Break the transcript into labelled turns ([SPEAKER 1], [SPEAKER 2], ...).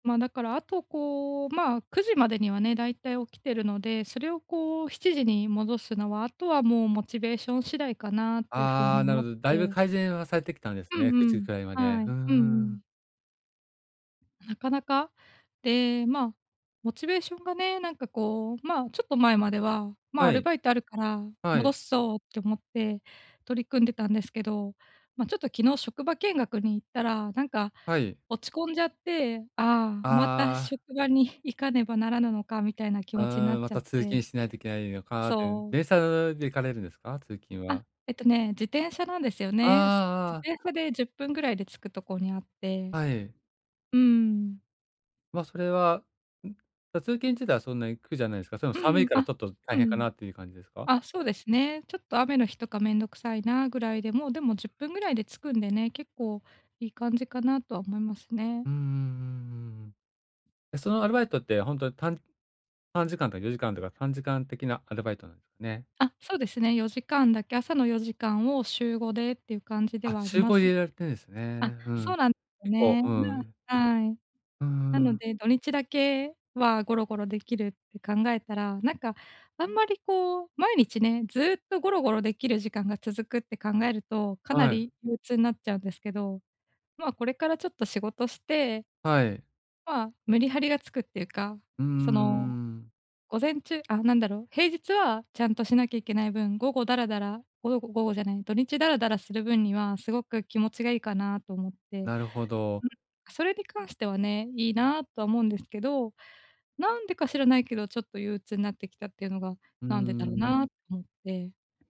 [SPEAKER 1] まあ、だからあと、こう、まあ、9時までにはね、大体起きてるので、それをこう7時に戻すのは、あとはもうモチベーション次第かなっていう風
[SPEAKER 2] あ
[SPEAKER 1] に
[SPEAKER 2] あ、な
[SPEAKER 1] 思
[SPEAKER 2] る
[SPEAKER 1] っ
[SPEAKER 2] ほど。だいぶ
[SPEAKER 1] て
[SPEAKER 2] 改善はされてきたんです
[SPEAKER 1] う
[SPEAKER 2] ね
[SPEAKER 1] ん
[SPEAKER 2] く
[SPEAKER 1] う
[SPEAKER 2] じ
[SPEAKER 1] ん。
[SPEAKER 2] くらいまで。
[SPEAKER 1] は
[SPEAKER 2] う
[SPEAKER 1] い。
[SPEAKER 2] んう
[SPEAKER 1] うんう
[SPEAKER 2] ん。
[SPEAKER 1] ん。なかなか、で、まあ、モチベーションがね、なんかこう、まあ、ちょっと前までは、「まあ、
[SPEAKER 2] は
[SPEAKER 1] アル
[SPEAKER 2] い。
[SPEAKER 1] バイトあるから
[SPEAKER 2] は
[SPEAKER 1] 戻
[SPEAKER 2] い。
[SPEAKER 1] すぞ」って思って取り組んでたんですけど、ま、ちょっと昨日職場見学に行ったら、なんか
[SPEAKER 2] はい。
[SPEAKER 1] 落ち込んじゃって、「ああ、また
[SPEAKER 2] ああ。
[SPEAKER 1] 職場に行かねばならぬのか」みたいな気
[SPEAKER 2] う
[SPEAKER 1] 持ちな
[SPEAKER 2] ー
[SPEAKER 1] っ
[SPEAKER 2] ん、ま
[SPEAKER 1] ちゃっ
[SPEAKER 2] た通
[SPEAKER 1] て
[SPEAKER 2] 勤しないといけないのかって、うん、
[SPEAKER 1] そう。
[SPEAKER 2] 電車ぬで行かれるんですか？通勤
[SPEAKER 1] あ、
[SPEAKER 2] は。
[SPEAKER 1] えっとね、自転車なんですよ
[SPEAKER 2] あ
[SPEAKER 1] ね。す
[SPEAKER 2] ああ。
[SPEAKER 1] 自転車で10分ぐらいで着くとこにあって。
[SPEAKER 2] はい。
[SPEAKER 1] うん。
[SPEAKER 2] ま、それは、ん？だ、通勤自体はそんなに苦じゃないすか。それも
[SPEAKER 1] う
[SPEAKER 2] 寒い
[SPEAKER 1] ん、
[SPEAKER 2] からち
[SPEAKER 1] あ、
[SPEAKER 2] ょっと大
[SPEAKER 1] う
[SPEAKER 2] 変か
[SPEAKER 1] ん。
[SPEAKER 2] なという感じですか？
[SPEAKER 1] あ、そうですね。ちょっと雨の日とか面倒くさいなぐらいで、もう、でも10分ぐらいで着くんでね、結構いい感じかなとは思いますね。
[SPEAKER 2] うんうんうんうんうん。え、そのアルバイトってほんとに短3時間とか4時間とか短時間的なアルバイトなんすね。
[SPEAKER 1] あ、そうですね4時間だけ、朝の4時間を週5でっていう感じで
[SPEAKER 2] あ、
[SPEAKER 1] はあ
[SPEAKER 2] し
[SPEAKER 1] り
[SPEAKER 2] ゅう
[SPEAKER 1] ま
[SPEAKER 2] ご
[SPEAKER 1] す
[SPEAKER 2] 入
[SPEAKER 1] ね。
[SPEAKER 2] れられてるんです
[SPEAKER 1] あ、
[SPEAKER 2] ね。うん。
[SPEAKER 1] そうなんよ
[SPEAKER 2] 結構
[SPEAKER 1] ね。な
[SPEAKER 2] うん。
[SPEAKER 1] あはい。
[SPEAKER 2] うんう
[SPEAKER 1] な
[SPEAKER 2] んう
[SPEAKER 1] の
[SPEAKER 2] ん。
[SPEAKER 1] で、土日だけはゴロゴロできるって考えたら、なんかあんまりこう毎日ね、ずっとゴロゴロできる時間が続くって考えると、かな
[SPEAKER 2] はい。
[SPEAKER 1] り憂鬱になっちゃうんですけど、まあ、これからちょっと仕事して
[SPEAKER 2] はい。
[SPEAKER 1] まあメリハリがつくっていうか、
[SPEAKER 2] うんうんう
[SPEAKER 1] その、
[SPEAKER 2] んうんうん。
[SPEAKER 1] 午前中あ、なんだろう、平日はちゃんとしなきゃいけない分、午後ダラダラ、ごよご午後じゃない、土日ダラダラする分にはすごく気持ちがいいかなと思って。うん。
[SPEAKER 2] なるほど。
[SPEAKER 1] それに関してはね、いいなとは思うんですけど、なんでか知らないけどちょっと憂鬱になってきたっていうのが、
[SPEAKER 2] うんう
[SPEAKER 1] なんでだ
[SPEAKER 2] ん
[SPEAKER 1] ろ
[SPEAKER 2] うん。
[SPEAKER 1] なとて。